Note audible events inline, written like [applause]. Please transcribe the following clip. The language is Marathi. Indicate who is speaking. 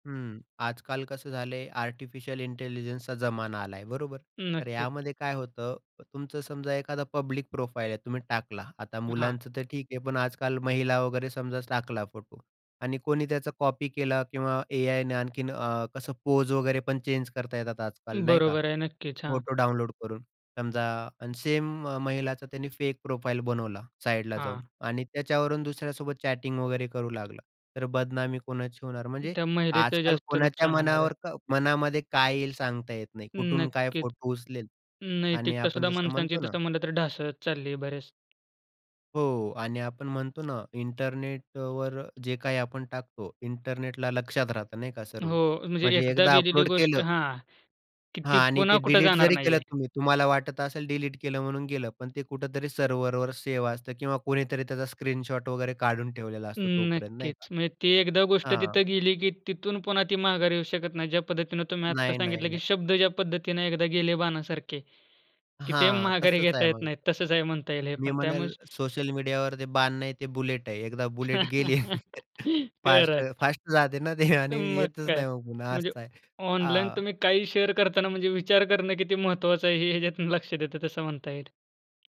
Speaker 1: हं, आजकाल कसं झालं आहे? आर्टिफिशियल इंटेलिजन्सचा जमाना आला आहे बरोबर, तर
Speaker 2: नक्कीच.
Speaker 1: यामध्ये काय होतं? तुमचं समजा एखादा पब्लिक प्रोफाइल आहे. तुम्ही टाकला आता
Speaker 2: हां.
Speaker 1: मुलांचं तर ठीक आहे पण आजकाल महिला वगैरे समजा टाकला फोटो आणि कोणी त्याचा कॉपी केला किंवा एआय ने आणखीन अ, कसं पोज वगैरे पण चेंज करता येतात आजकाल नाही का?
Speaker 2: बरोबर आहे. नक्कीच, हां.
Speaker 1: फोटो डाउनलोड करून समजा आणि सेम महिलाचा त्यांनी फेक प्रोफाइल बनवला साइडला जाऊन
Speaker 2: हां.
Speaker 1: आणि त्याच्यावरून दुसऱ्यासोबत चॅटिंग वगैरे करू लागला. तर बदनामी कोणाची होणार. म्हणजे
Speaker 2: त्या महिलेचं
Speaker 1: आजकाल
Speaker 2: जास्त
Speaker 1: कोणाच्या
Speaker 2: नुकसान होणार आहे.
Speaker 1: मनावर क मनामध्ये काय येईल? सांगता येत नाही. कुठून काय
Speaker 2: नक्कीच.
Speaker 1: फोटो उचलेलं आणि
Speaker 2: नैतिकता
Speaker 1: आपण
Speaker 2: सुद्धा
Speaker 1: जसं
Speaker 2: माणसांची
Speaker 1: म्हणतो ना
Speaker 2: तसं म्हणलं तर ढासळतं चालली बरेच.
Speaker 1: हो आणि आपण म्हणतो ना, इंटरनेटवर जे काही आपण टाकतो, इंटरनेटला लक्षात राहतं नाही का सर्व
Speaker 2: हो, म्हणजे
Speaker 1: म्हणजे
Speaker 2: एकदा
Speaker 1: एकदा
Speaker 2: गेलेली
Speaker 1: अपलोड
Speaker 2: गोष्ट
Speaker 1: केलं
Speaker 2: हां, की
Speaker 1: हां
Speaker 2: ती
Speaker 1: आणि
Speaker 2: पुन्हा
Speaker 1: ते
Speaker 2: कुठे
Speaker 1: डिलीट
Speaker 2: जाणार
Speaker 1: जरी
Speaker 2: नाही
Speaker 1: केलं
Speaker 2: आहे.
Speaker 1: तुम्ही तुम्हाला वाटत असेल डिलीट केलं म्हणून गेलं. पण ते कुठेतरी सर्व्हरवर सेव्ह असतं किंवा कुणीतरी त्याचा स्क्रीनशॉट वगैरे काढून ठेवलेला असतो तोपर्यंत नाही का?
Speaker 2: नक्कीच, म्हणजे ती एकदा गोष्ट
Speaker 1: हां.
Speaker 2: तिथं गेली की तिथून पुन्हा ती माघारी येऊ शकत नाही. ज्या पद्धतीने तुम्ही आता
Speaker 1: नाही, नाही,
Speaker 2: सांगितलं, की
Speaker 1: नाही.
Speaker 2: शब्द ज्या पद्धतीने एकदा गेले बाणासारखे, की ते
Speaker 1: हां,
Speaker 2: माघारी
Speaker 1: तसंच
Speaker 2: घेता
Speaker 1: आहे
Speaker 2: येत
Speaker 1: मग.
Speaker 2: नाहीत, तसच आहे म्हणता येईल हे
Speaker 1: मी
Speaker 2: पण त्यामुळे
Speaker 1: म्हणेल सोशल मीडियावर ते बाण आहे ते बुलेट आहे एकदा बुलेट
Speaker 2: [laughs]
Speaker 1: गेली,
Speaker 2: खरं
Speaker 1: फास्ट,
Speaker 2: आहे.
Speaker 1: फास्ट जाते ना ते
Speaker 2: तर
Speaker 1: आणि
Speaker 2: मग
Speaker 1: येतच
Speaker 2: काय,
Speaker 1: नाही मग पुन्हा
Speaker 2: म्हणजे
Speaker 1: असं आहे.
Speaker 2: ऑनलाईन
Speaker 1: आ
Speaker 2: तुम्ही काही शेअर करताना म्हणजे विचार करणं किती महत्वाचं आहे, हे ह्याच्यातून लक्षात येतं तसं म्हणता येईल.